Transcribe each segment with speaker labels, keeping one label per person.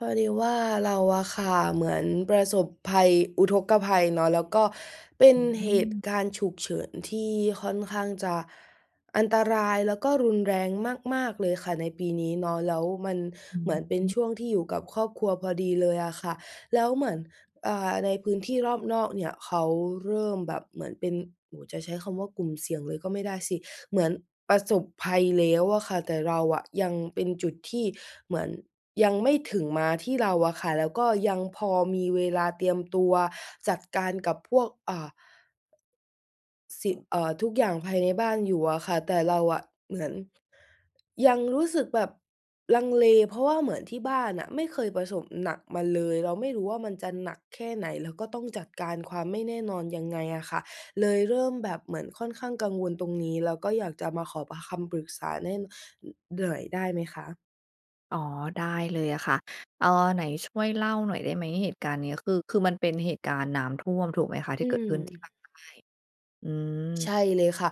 Speaker 1: พอดีว่า เราอะค่ะเหมือนประสบภัย อุทกภัยเนาะ แล้วก็เป็น
Speaker 2: อ
Speaker 1: เหตุ
Speaker 2: ืม
Speaker 1: การณ์ฉุกเฉินที่ค่อนข้างจะอันตราย แล้วก็รุนแรงมาก ๆ เลยค่ะในปีนี้เนาะ แล้วมัน
Speaker 2: อือ
Speaker 1: เหมือนเป็
Speaker 2: ฮ
Speaker 1: น
Speaker 2: ึ
Speaker 1: ช่วงที่อยู่กับครอบครัวพอดีเลยอะค่ะ แล้วเหมือน อ่า ในพื้นที่รอบนอกเนี่ยเขาเริ่มแบบเหมือนเป็น โอ้โฮ จะใช้คำว่า กลุ่มเสี่ยงเลยก็ไม่ได้สิ เหมือนประสบภัยแล้วอะค่ะ แต่เราอะยังเป็นจุดที่เหมือนยังไม่ถึงมาที่เราอะค่ะ แล้วก็ยังพอมีเวลาเตรียมตัวจัดการกับพวก อ่า สิ เอ่อ ทุกอย่างภายในบ้านอยู่อะค่ะ แต่เราอะเหมือนยังรู้สึกแบบลังเล เพราะว่าเหมือนที่บ้านน่ะไม่เคยประสบหนักมาเลย เราไม่รู้ว่า มันจะหนักแค่ไหน แล้วก็ต้องจัดการความไม่แน่นอนยังไงอะค่ะ เลยเริ่มแบบเหมือนค่อนข้างกังวลตรงนี้ แล้วก็อยากจะมาขอปะ คำปรึกษาแน่น อือ หน่อยได้ไหมคะ?
Speaker 2: อ๋อ ได้เลยอะค่ะ เอ่อ ไหนช่วยเล่าหน่อยได้ไหม? เหตุการณ์เนี้ยคือ คือมันเป็นเหตุการณ์น้ำท่วมถูกไหมคะ? ท
Speaker 1: อ
Speaker 2: ี
Speaker 1: ื
Speaker 2: ่เกิดขึ้นที่ภ
Speaker 1: ม
Speaker 2: าคใต้ อื
Speaker 1: ใช
Speaker 2: ม
Speaker 1: ่เลยค่ะ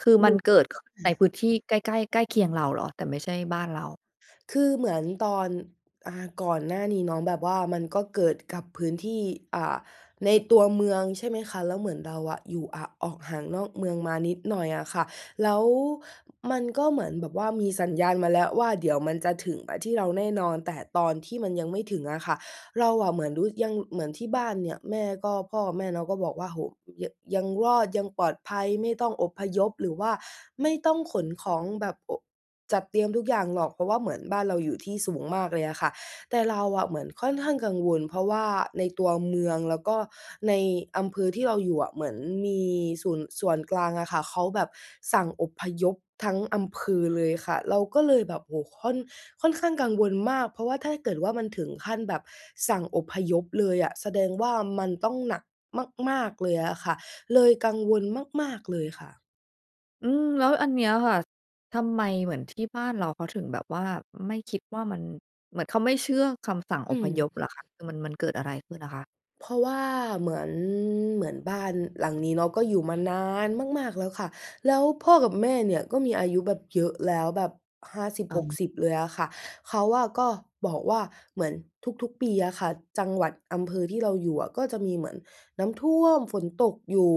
Speaker 2: คือมันเกิด ข ในพื้นที่ใกล้ ๆ ใกล้เคียงเราเหรอ? แต่ไม่ใช่บ
Speaker 1: อะฮ
Speaker 2: ้า
Speaker 1: ะ
Speaker 2: นเรา
Speaker 1: คือเหมือนตอน อ่า ก่อนหน้านี้เนาะ แบบว่ามันก็เกิดกับพื้นที่ อ่า ในตัวเมือง ใช่ไหมคะ แล้วเหมือนเราอะอยู่ อะ ออกห่างนอกเมืองมานิดหน่อยอะค่ะ แล้วมันก็เหมือนแบบว่ามีสัญญาณมาแล้วว่า เดี๋ยวมันจะถึงมาที่เราแน่นอน แต่ตอนที่มันยังไม่ถึงอะค่ะ เราอะเหมือนรู้ ยัง เหมือนที่บ้านเนี่ย แม่ก็ พ่อกับแม่เนาะ ก็บอกว่า โอ้โฮ ย ยังรอดยังปลอดภัย ไม่ต้องอพยพ หรือว่าไม่ต้องขนของแบบ โอะ จัดเตรียมทุกอย่างหรอก เพราะว่าเหมือนบ้านเราอยู่ที่สูงมากเลยอะค่ะ แต่เราอะเหมือนค่อนข้างกังวล เพราะว่าในตัวเมืองแล้วก็ในอำเภอที่เราอยู่อะ เหมือนมีสู่น ส่วนกลางอะค่ะ เขาแบบสั่งอพยพทั้งอำเภอเลยค่ะ เราก็เลยแบบ โอ้โฮ! ค่อน ค่อนข้างกังวลมาก เพราะว่าถ้าเกิดว่ามันถึงขั้นแบบสั่งอพยพเลยอะ แสดงว่ามันต้องหนักมาก ๆ เลยอะค่ะ เลยกังวลมาก ๆ เลยค่ะ
Speaker 2: อืม แล้วอันนี้อะค่ะ ทำไมเหมือนที่บ้านเราเขาถึง แบบว่าไม่คิดว่ามัน เหมือนเขาไม่เชื่อคำสั่งอ
Speaker 1: อื
Speaker 2: พย
Speaker 1: ม
Speaker 2: พเหรอคะ อือ มัน มันเกิดอะไรขึ้นอะคะ?
Speaker 1: เพราะว่าเหมือน เหมือนบ้าน หลังนี้เนาะก็อยู่มานานมาก ๆ แล้วค่ะ แล้วพ่อกับแม่เนี่ยก็มีอายุแบบเยอะแล้ว แบบ 50
Speaker 2: อ
Speaker 1: ห
Speaker 2: ื
Speaker 1: ก
Speaker 2: ม
Speaker 1: สิบ เลยอะค่ะ เขาอะก็บอกว่าเหมือนทุก ๆ ปี อะค่ะ จังหวัด อำเภอที่เราอยู่อะ ก็จะมีเหมือนน้ำท่วม ฝนตกอยู่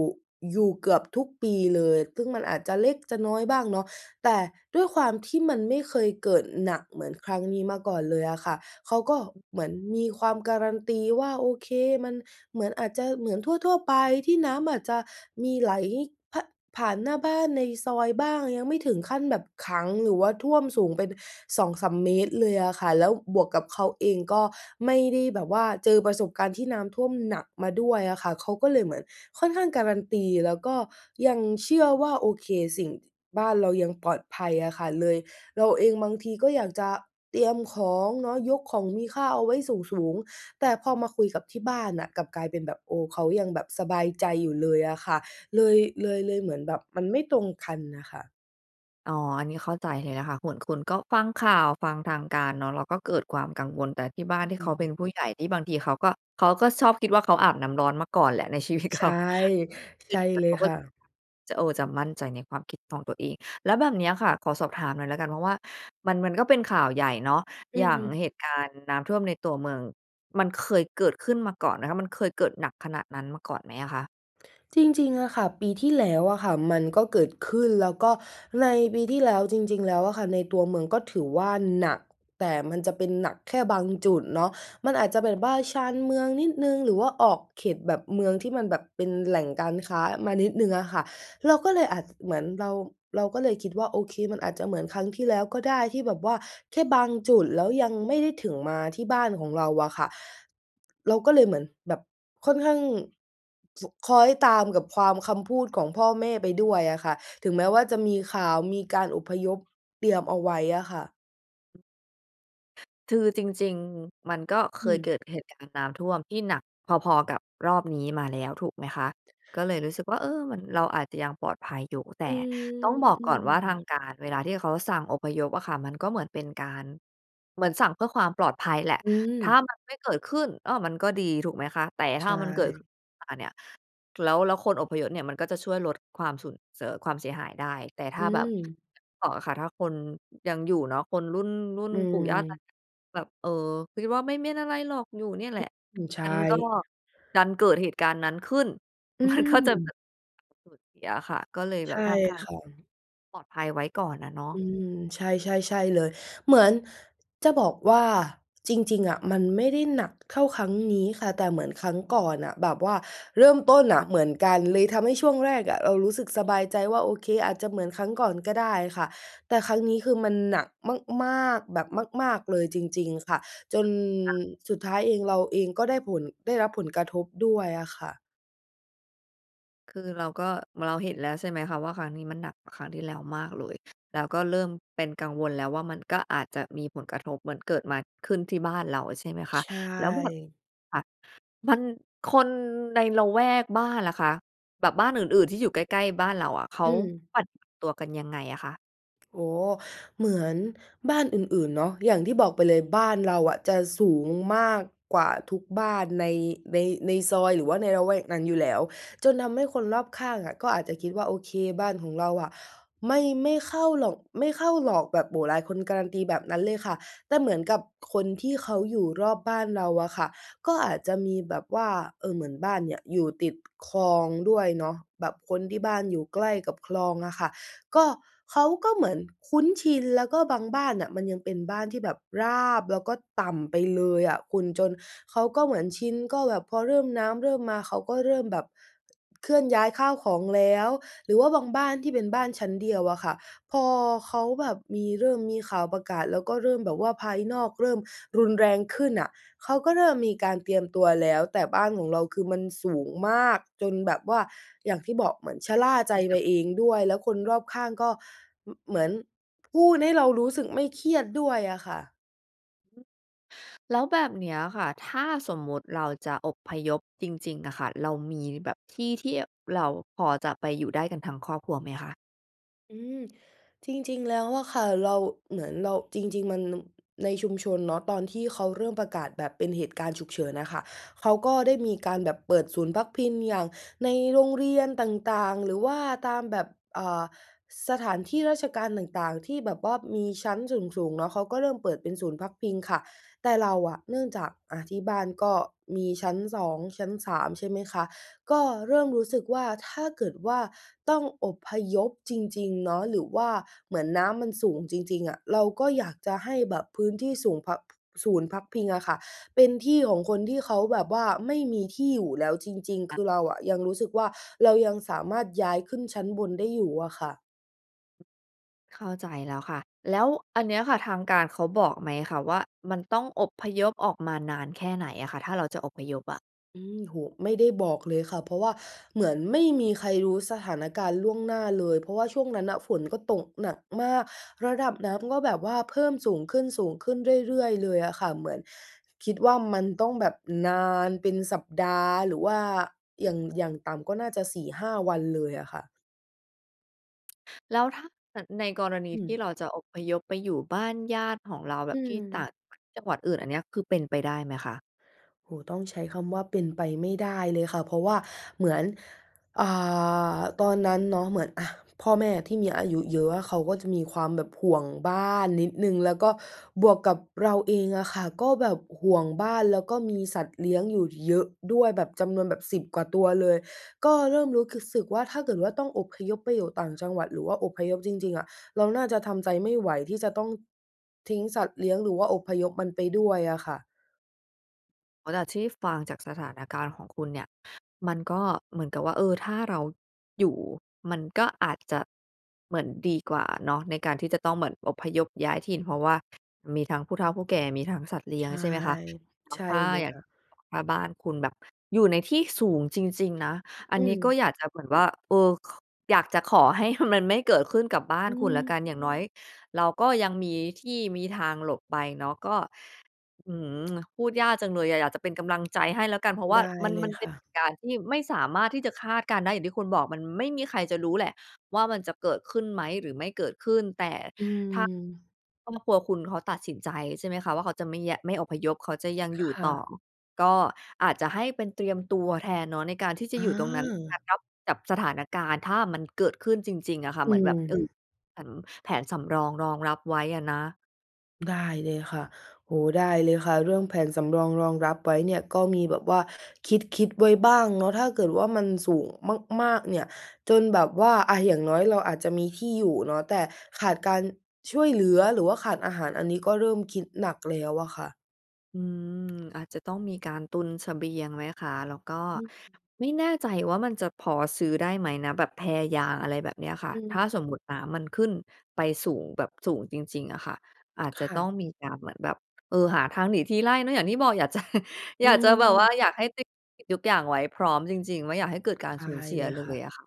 Speaker 1: อยู่เกือบทุกปี เลย ซึ่งมันอาจจะเล็กจะน้อยบ้างเนาะ แต่ด้วยความที่มันไม่เคยเกิดหนักเหมือนครั้งนี้มาก่อนเลยอะค่ะ เขาก็เหมือนมีความ guarantee ว่า โอเค มันเหมือน อาจจะเหมือนทั่ว ๆ ไปที่น้ำอาจจะมีไหล พะ ผ่านหน้าบ้านในซอยบ้าง ยังไม่ถึงขั้นแบบขัง หรือว่าท่วมสูงเป็น 2-3 เมตร เลยอะค่ะ แล้วบวกกับเขาเองก็ไม่ได้แบบว่าเจอประสบการณ์ที่น้ำท่วมหนักมาด้วยอะค่ะ เขาก็เลยเหมือนค่อนข้าง guarantee แล้วก็ยังเชื่อว่า โอเค สิ่ง บ้านเรายังปลอดภัยอะค่ะ เลย เราเองบางทีก็อยากจะเตรียมของเนาะ ยกของมีค่าเอาไว้สูง ๆ แต่พอมาคุยกับที่บ้านน่ะ กลับกลายเป็นแบบ โอ้ เขายัง แบบสบายใจอยู่เลยอะค่ะ เลย เลย เลยเหมือนแบบมันไม่ตรงคันน่ะค่ะ
Speaker 2: อ๋อ อันนี้เข้าใจเลยนะคะ หนคุณก็ฟังข่าว ฟังทางการเนาะ แล้วก็เกิดความกังวล แต่ที่บ้าน
Speaker 1: อื
Speaker 2: ที่เขาเป็น
Speaker 1: ม
Speaker 2: ผู้ใหญ่ที่บางทีเขาก็ เขาก็ชอบคิดว่าเขาอาบน้ำร้อนมาก่อนแหละ ใน ชีวิตเข
Speaker 1: ใช
Speaker 2: า
Speaker 1: ่ ใช่เล
Speaker 2: เข
Speaker 1: ย
Speaker 2: าก็
Speaker 1: ค่ะ
Speaker 2: จะ เออ จะมั่นใจในความคิดของตัวเอง แล้วแบบเนี้ยค่ะ ขอสอบถามหน่อยแล้วกัน เพราะว่ามัน มันก็เป็นข่าวใหญ่เนาะ
Speaker 1: อื
Speaker 2: อย่างเห
Speaker 1: ม
Speaker 2: ตุการณ์น้ำท่วมในตัวเมือง มันเคยเกิดขึ้นมาก่อนไหมคะ? มันเคยเกิดหนักขนาดนั้นมาก่อนไหมอะคะ?
Speaker 1: จริง ๆ อะค่ะ ปีที่ แล้วอะค่ะ มันก็เกิดขึ้น แล้วก็ในปีที่ แล้วจริง ๆ แล้วอะค่ะ ในตัวเมืองก็ถือว่าหนัก แต่มันจะเป็นหนักแค่บางจุดเนาะ มันอาจจะแบบบ้านชานเมืองนิดหนึ่ง หรือว่าออกเขตแบบเมืองที่มันแบบเป็นแหล่งการค้ามานิดหนึ่งอะค่ะ เราก็เลยอาจ เหมือนเรา เราก็เลยคิดว่า โอเค มันอาจจะเหมือนครั้งที่แล้วก็ได้ที่แบบว่าแค่บางจุด แล้วยังไม่ได้ถึงมาที่บ้านของเราอะค่ะ เราก็เลยเหมือนแบบค่อนข้าง ส คล้อยตามกับความ คำพูดของพ่อแม่ไปด้วยอะค่ะ ถึงแม้ว่าจะมีข่าว มีการอพยพเตรียมเอาไว้อะค่ะ
Speaker 2: คือ จริง ๆ มันก็เค
Speaker 1: อื
Speaker 2: ยเก
Speaker 1: ม
Speaker 2: ิดเหตุการณ์น้ำท่วมที่หนักพอ ๆ กับรอบนี้มาแล้ว ถูกไหมคะ ก็เลยรู้สึกว่า เออ มัน เราอาจจะยังปลอดภัยอยู่ แต
Speaker 1: อื
Speaker 2: ่ต้อง
Speaker 1: ม
Speaker 2: บอก
Speaker 1: อื
Speaker 2: ก่อน
Speaker 1: ม
Speaker 2: ว่า ทางการ เวลาที่เขาสั่งอพยพอะค่ะ มันก็เหมือนเป็นการ เหมือนสั่งเพื่อความปลอดภัยแหละ
Speaker 1: อื
Speaker 2: ถ้า
Speaker 1: ม
Speaker 2: มันไม่เกิดขึ้น อ้อ มันก็ดี ถูกไหมคะ แต่
Speaker 1: ใ
Speaker 2: ถ
Speaker 1: ช
Speaker 2: ้ามันเกิดขึ้
Speaker 1: ่
Speaker 2: นมาเนี่ย แล้ว แล้วคนอพยพเนี่ย มันก็จะช่วยลดความสุน เสอ ความเสียหายได้ แต่ถ
Speaker 1: อ
Speaker 2: ้
Speaker 1: ื
Speaker 2: าแบบ
Speaker 1: ม
Speaker 2: ค่ะ ถ้าคนยังอยู่เนาะ คนรุ่น รุ่น
Speaker 1: อื
Speaker 2: ปู่ย่าตา
Speaker 1: ม
Speaker 2: ยแบบ เอ่อ คิดว่าไม่ ไม่เป็นอะไรหรอก อยู่เนี่ยแหละ
Speaker 1: อือ ใช
Speaker 2: ม
Speaker 1: ่
Speaker 2: ันก็ ดันเกิดเหตุการณ์นั้นขึ้น
Speaker 1: อื
Speaker 2: มันก็จะแบ
Speaker 1: ม
Speaker 2: บ สูญเสียอะค่ะ ก็เลยแ
Speaker 1: ใ
Speaker 2: บ
Speaker 1: ช
Speaker 2: บ
Speaker 1: ่
Speaker 2: ทำตาม
Speaker 1: ค่ะ
Speaker 2: ปลอดภัยไว้ก่อนอะเนาะ
Speaker 1: อืม ใช่ ๆ ๆ เลย เหมือนจะบอกว่า จริง ๆ อะ มันไม่ได้หนักเท่าครั้งนี้ค่ะ แต่เหมือนครั้งก่อนน่ะ แบบว่าเริ่มต้นน่ะเหมือนกัน เลยทำให้ช่วงแรกอะเรารู้สึกสบายใจว่า โอเค อาจจะเหมือนครั้งก่อนก็ได้ค่ะ แต่ครั้งนี้ คือมันหนักมาก ๆ แบบมาก ๆ เลยจริง ๆ ค่ะ จน
Speaker 2: ค่ะ
Speaker 1: สุดท้ายเอง เราเองก็ได้ผล ได้รับผลกระทบด้วยอะค่ะ
Speaker 2: คือ เราก็ เราเห็นแล้ว ใช่ไหมคะว่า ครั้งนี้มันหนักกว่าครั้งที่แล้วมากเลย แล้วก็เริ่มเป็นกังวลแล้วว่า มันก็อาจจะมีผลกระทบเหมือนเกิดมา ขึ้นที่บ้านเราอะ ใช่ไหมค
Speaker 1: ใ
Speaker 2: ะ
Speaker 1: ช
Speaker 2: แล้วแบบ
Speaker 1: ่
Speaker 2: ค่ะ มัน คนในละแวกบ้านแหละค่ะ แบบบ้านอื่น ๆ ที่อยู่ใกล้ ๆ บ้านเราอะ เขา
Speaker 1: อืม
Speaker 2: ปัดตัวกันยังไงอะคะ?
Speaker 1: โอ้โฮ เหมือนบ้านอื่น ๆ เนาะ อย่างที่บอกไปเลย บ้านเรา อะจะสูงมากกว่าทุกบ้านใน ใน ในซอย หรือว่าในระแวกนั้นอยู่แล้ว จนทำให้คนรอบข้างอะ ก็อาจจะคิดว่า โอเค บ้านของเราอะไม่ ไม่เข้าหรอก ไม่เข้าหรอก แบบ โอ้โฮ หลายคนการันตีแบบนั้นเลยค่ะ แต่เหมือนกับคนที่เขาอยู่รอบบ้านเราอะค่ะ ก็อาจจะมีแบบว่า เอ่อ เหมือนบ้านเนี่ย อยู่ติดคลองด้วยเนาะ แบบคนที่บ้านอยู่ใกล้กับคลองอะค่ะ ก็ เขาก็เหมือนคุ้นชิน แล้วก็บางบ้านน่ะมันยังเป็นบ้านที่แบบราบ แล้วก็ต่ำไปเลยอะคุณ จนเขาก็เหมือนชิน ก็แบบพอเริ่ม น้ำเริ่มมา เขาก็เริ่มแบบเคลื่อนย้ายข้าวของแล้ว หรือว่าบางบ้านที่เป็นบ้านชั้นเดียวอะค่ะ พอเขาแบบมี เริ่มมีข่าวประกาศแล้ว ก็เริ่มแบบว่าภายนอกเริ่มรุนแรงขึ้นน่ะ เขาก็เริ่มมีการเตรียมตัวแล้ว แต่บ้านของเราคือมันสูงมาก จนแบบว่า อย่างที่บอก เหมือนชะล่าใจ
Speaker 2: มีแบ
Speaker 1: ไป
Speaker 2: บ
Speaker 1: เองด้วย แล้วคนรอบข้างก็ ม เหมือนพูดให้เรารู้สึกไม่เครียดด้วยอะค่ะ
Speaker 2: แล้วแบบเนี้ยค่ะ ถ้าสมมติเราจะอพยพจริง ๆ อะค่ะ เรามีแบบที่ ๆ เราพอจะไปอยู่ได้กันทั้งครอบครัวไหมคะ?
Speaker 1: อืม จริง ๆ แล้วอะค่ะ เรา เหมือนเรา จริง ๆ มัน ม ในชุมชนเนาะ ตอนที่เขาเริ่มประกาศแบบเป็นเหตุการณ์ฉุกเฉินอะค่ะ เขาก็ได้มีการแบบเปิดศูนย์พักพิง อย่างในโรงเรียนต่าง ๆ หรือว่าตามแบบ อ่า สถานที่ราชการต่าง ๆ ที่แบบว่ามีชั้นสูง ๆ เนาะ เขาก็เริ่มเปิดเป็นศูนย์พักพิงค่ะ แต่เราอะเนื่องจาก อะ ที่บ้านก็มีชั้น 2 ชั้น 3 ใช่ไหมคะ ก็เริ่มรู้สึกว่า ถ้าเกิดว่าต้องอพยพจริง ๆ เนาะ หรือว่าเหมือนน้ำมันสูงจริง ๆ อะ เราก็อยากจะให้แบบพื้นที่ศูนย์พัก ศูนย์พักพิงอะค่ะ เป็นที่ของคนที่เขาแบบว่าไม่มีที่อยู่แล้วจริง
Speaker 2: ค
Speaker 1: ๆ ค
Speaker 2: ่ะ
Speaker 1: ือเราอะยังรู้สึกว่า เรายังสามารถย้ายขึ้นชั้นบนได้อยู่อะค่ะ
Speaker 2: เข้าใจแล้วค่ะ แล้วอันเนี้ยค่ะ ทางการเขาบอกไหมคะว่า มันต้องอพยพออกมานานแค่ไหนอะค่ะ? ถ้าเราจะอพยพอะ
Speaker 1: อืม โอ้โฮ ไม่ได้บอกเลยค่ะ เพราะว่าเหมือนไม่มีใครรู้สถานการณ์ล่วงหน้าเลย เพราะว่าช่วงนั้นน่ะฝนก็ตกหนักมาก ระดับน้ำก็แบบว่าเพิ่มสูงขึ้น สูงขึ้นเรื่อย ๆ เลยอะค่ะ เหมือนคิดว่ามันต้องแบบนานเป็นสัปดาห์ หรือว่าอย่าง อย่างต่ำก็น่าจะ 4-5 วันเลยอะค่ะ
Speaker 2: แล้วถ้าเกิดในกรณี
Speaker 1: อื
Speaker 2: ที่เ
Speaker 1: ม
Speaker 2: ราจะอพยพไปอยู่บ้านญาติของเรา แบ
Speaker 1: อื
Speaker 2: บที่ต่
Speaker 1: ม
Speaker 2: างจังหวัด ที่จังหวัดอื่น อันเนี้ยคือเป็นไปได้ไหมคะ?
Speaker 1: โอ้โฮ ต้องใช้คำว่าเป็นไปไม่ได้เลยค่ะ เพราะว่าเหมือน อ่า ตอนนั้นเนาะเหมือน อะ พ่อแม่ที่มีอายุเยอะอะ เขาก็จะมีความแบบห่วงบ้านนิดหนึ่ง แล้วก็บวกกับเราเองอะค่ะ ก็แบบห่วงบ้าน แล้วก็มีสัตว์เลี้ยงอยู่เยอะด้วย แบบจำนวนแบบสิบกว่าตัวเลย ก็เริ่มรู้ขึ สึกว่า ถ้าเกิดว่าต้องอพยพไปอยู่ต่างจังหวัด หรือว่าอพยพจริง ๆ อะ เราน่าจะทำใจไม่ไหวที่จะต้องทิ้งสัตว์เลี้ยง หรือว่าอพยพมันไปด้วยอะค่ะ
Speaker 2: อ๋อ แต่ที่ฟังจากสถานการณ์ของคุณเนี่ย มันก็เหมือนกับว่า เออ ถ้าเราอยู่ มันก็อาจจะเหมือนดีกว่าเนาะ ในการที่จะต้องเหมือนอพยพย้ายถิ่น เพราะว่ามีทั้งผู้เฒ่าผู้แก่ มีทั้งสัตว์เลี
Speaker 1: ใ
Speaker 2: ้
Speaker 1: ช
Speaker 2: ยง
Speaker 1: ่
Speaker 2: ใช่ไหมคะ แล้
Speaker 1: ใช
Speaker 2: ว
Speaker 1: ่
Speaker 2: ถ้า
Speaker 1: เลย
Speaker 2: อย่าง
Speaker 1: ค่ะ
Speaker 2: ถ้าบ้านคุณแบบอยู่ในที่สูงจริง ๆ นะ อั
Speaker 1: อ
Speaker 2: น
Speaker 1: ื
Speaker 2: นี้ก็
Speaker 1: ม
Speaker 2: อยากจะแบบว่า เออ ค อยากจะขอให้ มันไม่เกิดขึ้นกับบ้า
Speaker 1: อ
Speaker 2: น
Speaker 1: ื
Speaker 2: คุณแล้วก
Speaker 1: ม
Speaker 2: ัน อย่างน้อยเราก็ยังมีที่มีทางหลบไปเนาะ ก็ อื้อฮือ พูดยากจังเลยอะ อยากจะเป็นกำลังใจให้แล้วกัน เพราะว
Speaker 1: ไ
Speaker 2: ่า
Speaker 1: ด้
Speaker 2: มัน
Speaker 1: เล
Speaker 2: มั
Speaker 1: ย
Speaker 2: นเ
Speaker 1: ค
Speaker 2: ป็
Speaker 1: ่
Speaker 2: นเห
Speaker 1: ะ
Speaker 2: ตุการณ์ที่ไม่สามารถที่จะคาดการณ์ได้ อย่างที่คุณบอก มันไม่มีใครจะรู้แหละว่า มันจะเกิดขึ้นไหมหรือไม่เกิดขึ้น แต่
Speaker 1: อื
Speaker 2: ถ้า
Speaker 1: ม
Speaker 2: ครอบครัวคุณเขาตัดสินใจ ใช่ไหมคะว่า เขาจะไม่แยะ ไม่อพยพ เขาจะยัง
Speaker 1: ค
Speaker 2: อยู่
Speaker 1: ่
Speaker 2: ต่อ
Speaker 1: ะ
Speaker 2: ก็อาจจะให้เป็นเตรียมตัวแทนเนาะ ในการที่จะ
Speaker 1: อ
Speaker 2: อยู่ตรงนั้น
Speaker 1: า
Speaker 2: กับสถานการณ์ ถ้ามันเกิดขึ้นจริง ๆ อะค่ะ
Speaker 1: อ
Speaker 2: เ
Speaker 1: ื
Speaker 2: หมือนแบบ เอ่อ
Speaker 1: ม
Speaker 2: แผน แผนสำรองรองรับไว้อ่ะนะ
Speaker 1: ได้เลยค่ะ โอ้โฮ ได้เลยค่ะ เรื่องแผนสำรอง รองรับไว้เนี่ยก็มีแบบว่าคิด ๆ ไว้บ้างเนาะ ถ้าเกิดว่า มันสูงมาก ๆ เนี่ยจนแบบว่า อะ อย่างน้อย เราอาจจะมีที่อยู่เนาะแต่ขาดการช่วยเหลือ หรือว่าขาดอาหาร อันนี้ก็เริ่มคิดหนักแล้วอะค่ะ
Speaker 2: อืม อาจจะต้องมีการตุนเสบียงไหมคะ? แล้วก็
Speaker 1: อืม
Speaker 2: ไม่แน่ใจว่า มันจะพอซื้อได้ไหมนะ? แบบแพยาง อะไรแบบเนี้ยค่ะ
Speaker 1: อ
Speaker 2: ถ้า
Speaker 1: ืม
Speaker 2: สมมุตินน้ำมันขึ้นไปสูงแบบสูงจริง ๆ อะค่ะ อาจจ
Speaker 1: ค
Speaker 2: ะ
Speaker 1: ่
Speaker 2: ต้
Speaker 1: ะ
Speaker 2: องมีการเหมือนแบบ เอ่อ หาทางหนีทีไล่เนาะ อย่างที่บอกอยาก จะ
Speaker 1: อ
Speaker 2: อย
Speaker 1: ื
Speaker 2: ากจะแบบว่า
Speaker 1: ม
Speaker 2: อยากให้ติ ทุกอย่างไว้ให้พร้อมจริง ๆ ไม่อยากให้เกิดการ
Speaker 1: ได
Speaker 2: สู
Speaker 1: ้
Speaker 2: ญเสี
Speaker 1: เ
Speaker 2: ย
Speaker 1: ลย
Speaker 2: เล
Speaker 1: ค่ะ
Speaker 2: ยอะค่ะ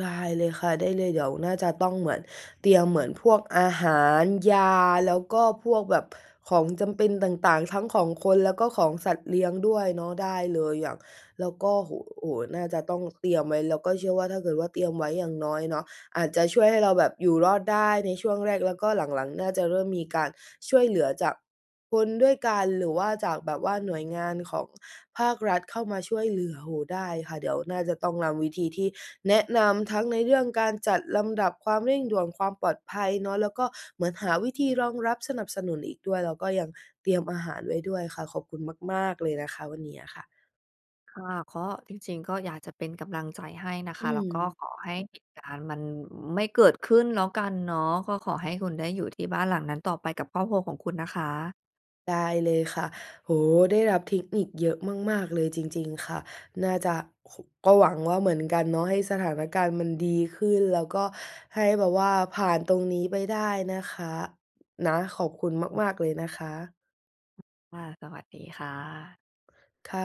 Speaker 1: ได้เลยค่ะ ได้เลย เดี๋ยวน่าจะต้องเหมือน เตรียมเหมือนพวกอาหาร ยา แล้วก็พวกแบบของจำเป็นต่าง ๆ ทั้งของคนแล้วก็ของสัตว์เลี้ยงด้วยเนาะ ได้เลยอะ แล้วก็ โอ้โฮ น่าจะต้องเตรียมไว้ แล้วก็เชื่อว่า ถ้าเกิดว่า เตรียมไว้ อย่างน้อยเนาะอาจจะช่วยให้เราแบบอยู่รอดได้ในช่วงแรก แล้วก็หลัง ๆ น่าจะเริ่มมีการช่วยเหลือจากคนด้วยกัน หรือว่าจากแบบว่าหน่วยงานของ ภาครัฐเข้ามาช่วยเหลือ โอ้โฮ ได้ค่ะ เดี๋ยวน่าจะต้องนำวิธีที่แนะนำทั้งในเรื่องการจัดลำดับความเร่งด่วน ความปลอดภัยเนาะ แล้วก็เหมือนหาวิธีรองรับ สนับสนุนอีกด้วย แล้วก็ยังเตรียมอาหารไว้ด้วยค่ะ ขอบคุณมาก ๆ เลยนะคะ วันนี้อะค่ะ
Speaker 2: ค่ะ ก็จริง ๆ ก็อยากจะเป็นกำลังใจให้นะค
Speaker 1: อื
Speaker 2: ะ แล้วก็
Speaker 1: ม
Speaker 2: ขอให้เหตุการณ์มันไม่เกิดขึ้นแล้วกันเนาะ ก็ขอให้คุณได้อยู่ที่บ้านหลังนั้นต่อไปกับครอบครัวของคุณนะคะ
Speaker 1: ได้เลยค่ะ โอ้โฮ ได้รับเทคนิคเยอะมาก ๆ เลยจริง ๆ ค่ะ น่าจะ ค ก็หวังว่า เหมือนกันเนาะ ให้สถานการณ์มันดีขึ้น แล้วก็ให้แบบว่าผ่านตรงนี้ไปได้นะคะ นะ ขอบคุณ
Speaker 2: อืม
Speaker 1: มาก ๆ เลยนะคะ
Speaker 2: ค่ะ สวัสดีค่ะ
Speaker 1: ค่ะ